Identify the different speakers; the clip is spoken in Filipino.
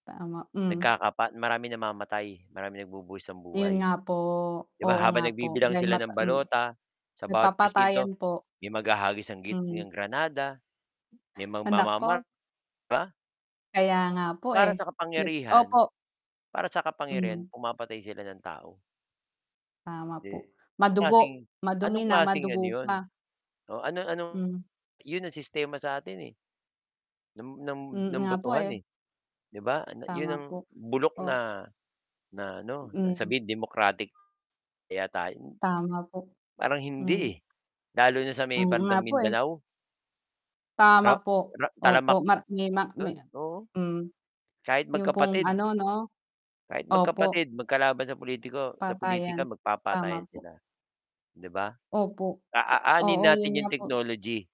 Speaker 1: Tama, hmm.
Speaker 2: Nagkakapat maraming namamatay, maraming nagbubuwis ng
Speaker 1: 'Yun
Speaker 2: buhay.
Speaker 1: nga po,
Speaker 2: 'Di ba
Speaker 1: oo
Speaker 2: habang
Speaker 1: nga po
Speaker 2: nagbibilang
Speaker 1: dahil
Speaker 2: sila
Speaker 1: mata
Speaker 2: ng
Speaker 1: mm,
Speaker 2: balota, sa bawat
Speaker 1: nagpapatayan
Speaker 2: presinto,
Speaker 1: po.
Speaker 2: may maghahagis ng git
Speaker 1: Hmm.
Speaker 2: ng granada. May
Speaker 1: Ah,
Speaker 2: magmamamar
Speaker 1: nako.
Speaker 2: ba.
Speaker 1: Kaya nga po eh,
Speaker 2: Para sa
Speaker 1: nag
Speaker 2: kapangyarihan,
Speaker 1: opo.
Speaker 2: para sa kapangyarihan
Speaker 1: Hmm.
Speaker 2: pumapatay sila ng tao.
Speaker 1: Tama po.
Speaker 2: Si
Speaker 1: Madugo.
Speaker 2: klaseng
Speaker 1: Madumi
Speaker 2: anong
Speaker 1: na,
Speaker 2: klaseng ano
Speaker 1: madugo
Speaker 2: 'yon,
Speaker 1: pa.
Speaker 2: oo ano ano
Speaker 1: Hmm.
Speaker 2: 'yon ang sistema sa atin eh. Ng ng
Speaker 1: Mm,
Speaker 2: ng
Speaker 1: nga po
Speaker 2: botohan
Speaker 1: eh.
Speaker 2: eh. 'Di ba an yun
Speaker 1: Tama
Speaker 2: ang
Speaker 1: po,
Speaker 2: bulok
Speaker 1: o
Speaker 2: na na ano na
Speaker 1: Mm.
Speaker 2: sabihin democratic. Kaya tayo
Speaker 1: Tama po,
Speaker 2: parang hindi
Speaker 1: hmm.
Speaker 2: eh, lalo na sa may
Speaker 1: Oo nga
Speaker 2: bandang
Speaker 1: po eh.
Speaker 2: Mindanao.
Speaker 1: Tama
Speaker 2: Ra
Speaker 1: po.
Speaker 2: ra
Speaker 1: Opo
Speaker 2: tamalamak
Speaker 1: mar me may
Speaker 2: don, oo.
Speaker 1: hmm.
Speaker 2: Kahit
Speaker 1: Yung pong
Speaker 2: magkapatid.
Speaker 1: ano 'no,
Speaker 2: Kahit
Speaker 1: opo.
Speaker 2: magkapatid, magkalaban sa politiko sa pulitika
Speaker 1: Patayan. Tama
Speaker 2: magpapatayin
Speaker 1: po.
Speaker 2: sila, 'di ba?
Speaker 1: Opo
Speaker 2: A a
Speaker 1: ka
Speaker 2: aanhin
Speaker 1: oo yun
Speaker 2: natin
Speaker 1: nga
Speaker 2: yung
Speaker 1: po.
Speaker 2: technology.